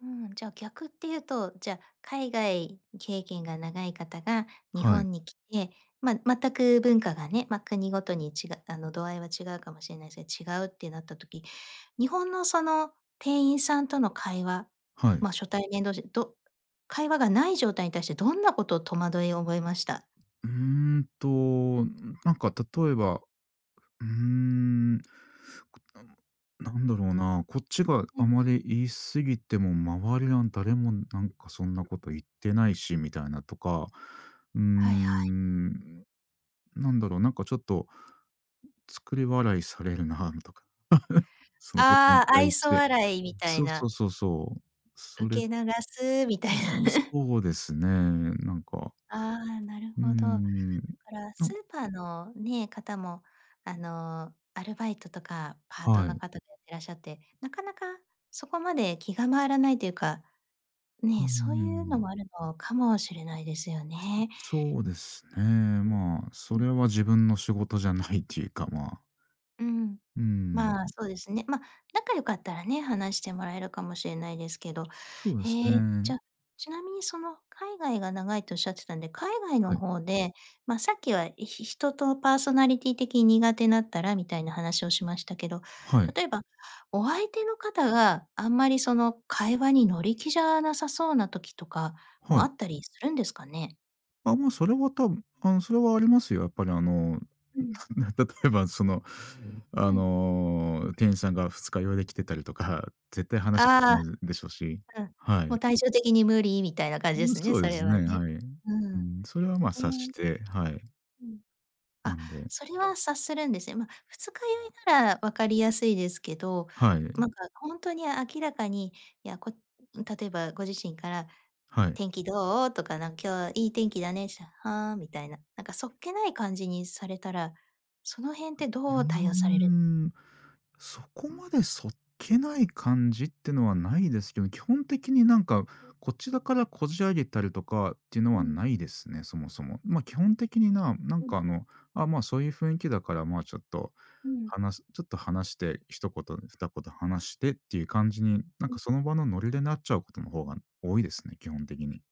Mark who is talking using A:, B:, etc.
A: うん、じゃ逆ってゆうと、じゃ、海外経験が長い方が日
B: はい。
A: 本に来て、ま、全く文化がね、ま、国ごとにちがあの、度合いは違うかもしれないすが、違うってなった時、日本の、その、店員さんとの会話、
B: はい。
A: ま、初対面同士、ど会話がない状態に対してどんなこと、戸惑いを覚えました？
B: うーんと、ん、なんか例えば、うーん、なんなんだろうな、こっちが
A: う
B: あ
A: ん。
B: まり言い過ぎても、周りの誰も、なんかそんなこと言ってないしみたいなとか、うー
A: はいはい。
B: ん、ん、なんだろう、なんかちょっと作り笑いされるなん、とか、その事に
A: ああ、
B: 対
A: 愛
B: し
A: 想
B: て、
A: 笑い
B: う
A: み
B: ん、
A: たい
B: そうそ
A: な。
B: うそうそう、
A: 受
B: それ。う
A: け流すみたいな。
B: ーん、そうですね、なんか
A: ああ、なる
B: うー
A: ほど。か
B: ん、
A: ら、
B: な
A: スー
B: ん
A: パーのね、方も、あの、アルバイトとかパート
B: は
A: の
B: い。
A: 方がいらっしゃって、なかなかそこまで気が回らないというか、
B: うん
A: ね、
B: う
A: そうゆう
B: んう
A: の
B: ん。
A: もあるのかもしれないですよね。
B: そうですね、
A: ん。
B: まあ、
A: う
B: そ
A: ん。
B: れは自分の仕事じゃないっていうか、まあ。
A: うん、
B: うん、
A: まあ、
B: ん。
A: そうですね。ま、仲良かったらね、話してもらえるかもしれないですけど。
B: そうです
A: へえ、じ
B: ね。
A: ゃちなみに、その、海外が長いとおっしゃってたんで、海外
B: は
A: の
B: い。
A: ほうで、ま、さっきは、ひ人とパーソナリティー的に苦手だったらみたいな話をしましたけど、
B: はい。
A: 例えば、お相手の方があんまり、その、会話に乗り気じゃなさそうな時とか
B: は
A: も
B: い。
A: あったりするんですかね？
B: あ、もう、それは、たぶあの、それはありますよ。やっぱり、あの、
A: うん。
B: な例えばその、あ
A: うん。
B: の、店員さんが二日酔いで来てたりとか、絶対話したく
A: ああ。
B: ないでしょし。
A: うん。
B: は
A: もう、
B: い。
A: 体調的に、無理みたいな感じで
B: うん、
A: すね、
B: そう
A: そ
B: で
A: れ
B: す
A: は
B: ね、
A: ね。
B: はい。
A: う
B: う
A: ん。
B: ん、それは、ま、
A: へ
B: 察し
A: え。
B: て、はい。
A: うん。
B: な
A: あ、
B: んで
A: それは察するんですね。ま、二日酔いなら分かりやすいですけど、
B: はい。
A: なんかほんとに明らかに、いや、こ例えばご自身から、
B: はい。
A: 「天気どう？」とか、なん、「今日いい天気だね」ったら、「はあ」みたいな、なんかそっけない感じにされたら、その辺って
B: うー
A: どう対応される
B: ん。そこまでそっけない感じってのはないですけど、基本的になんか、
A: ん。
B: こちらからこじ上げたりとかっていうの
A: う
B: は
A: ん。
B: ないですね、そもそも。ま、基本的に、ななん
A: うん。
B: か、あの、あ、まあ、そういう雰囲気だから、まあ、ちょっと
A: うん。
B: 話すちょっと話して、一言二言話してっていう感じに、なんか
A: ん。
B: その場のノリでなっちゃう事の方が多いですね、基本的に。